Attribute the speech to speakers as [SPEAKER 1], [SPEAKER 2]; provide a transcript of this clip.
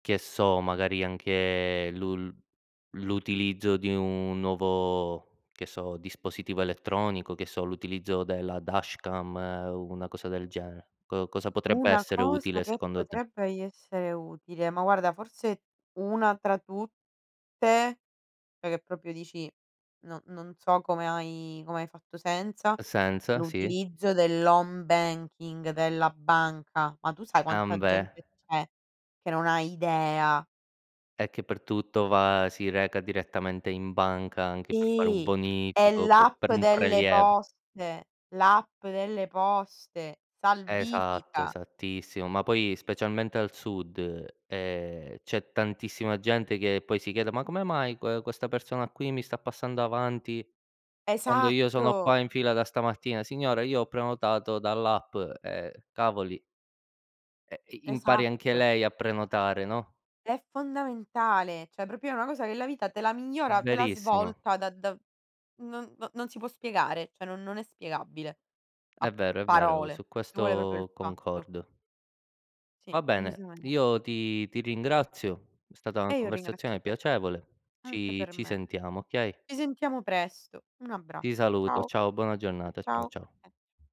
[SPEAKER 1] Che so, magari, anche l'ul l'utilizzo di un nuovo, che so, dispositivo elettronico, che so, l'utilizzo della dashcam, una cosa del genere. Co cosa potrebbe
[SPEAKER 2] Una
[SPEAKER 1] essere
[SPEAKER 2] cosa
[SPEAKER 1] utile,
[SPEAKER 2] che
[SPEAKER 1] secondo te?
[SPEAKER 2] potrebbe i essere utile, ma, guarda, forse, 1 tra tutte, cioè, che proprio dici: "No, non so come hai come hai fatto senza".
[SPEAKER 1] È senza, sì.
[SPEAKER 2] L'utilizzo dell'home banking della banca. Ma tu sai quanta
[SPEAKER 1] Ambè.
[SPEAKER 2] gente c'è che non ha idea?
[SPEAKER 1] Eh, che per tutto, va si reca direttamente in banca, anche per fare un
[SPEAKER 2] Sì, e
[SPEAKER 1] bonifico,
[SPEAKER 2] l'app
[SPEAKER 1] per un
[SPEAKER 2] delle
[SPEAKER 1] preliev
[SPEAKER 2] poste, l'app delle poste,
[SPEAKER 1] Esatto,
[SPEAKER 2] salvifica.
[SPEAKER 1] esattissimo. Ma poi, specialmente al Sud, ehm, c'è tantissima gente che, poi, si chiede: “Ma come mai que questa persona qui mi sta passando avanti, quando io sono
[SPEAKER 2] Esatto.
[SPEAKER 1] qua in fila da stamattina?” “Signora, io ho prenotato dall'app”, eh, cavoli. Eh, i impari anche
[SPEAKER 2] Esatto.
[SPEAKER 1] lei a prenotare, no?
[SPEAKER 2] È fondamentale, cioè, proprio è una cosa che la vita te la migliora, te la
[SPEAKER 1] Verissimo.
[SPEAKER 2] svolta da da non n non si può spiegare, cioè, non non è spiegabile.
[SPEAKER 1] È
[SPEAKER 2] A
[SPEAKER 1] vero, è vero,
[SPEAKER 2] parole,
[SPEAKER 1] su
[SPEAKER 2] ci vuole proprio il
[SPEAKER 1] questo
[SPEAKER 2] fatto.
[SPEAKER 1] concordo.
[SPEAKER 2] Sì,
[SPEAKER 1] Va bene,
[SPEAKER 2] decisame
[SPEAKER 1] io ti ti ringrazio, è stata una
[SPEAKER 2] E io ringrazio
[SPEAKER 1] conversazione
[SPEAKER 2] te.
[SPEAKER 1] piacevole.
[SPEAKER 2] Anche
[SPEAKER 1] Ci
[SPEAKER 2] per
[SPEAKER 1] ci
[SPEAKER 2] me.
[SPEAKER 1] sentiamo, okay?
[SPEAKER 2] Ci sentiamo presto. Un
[SPEAKER 1] Ti
[SPEAKER 2] abbraccio,
[SPEAKER 1] saluto,
[SPEAKER 2] ciao.
[SPEAKER 1] ciao, buona giornata, ciao
[SPEAKER 2] Ciao.
[SPEAKER 1] ciao.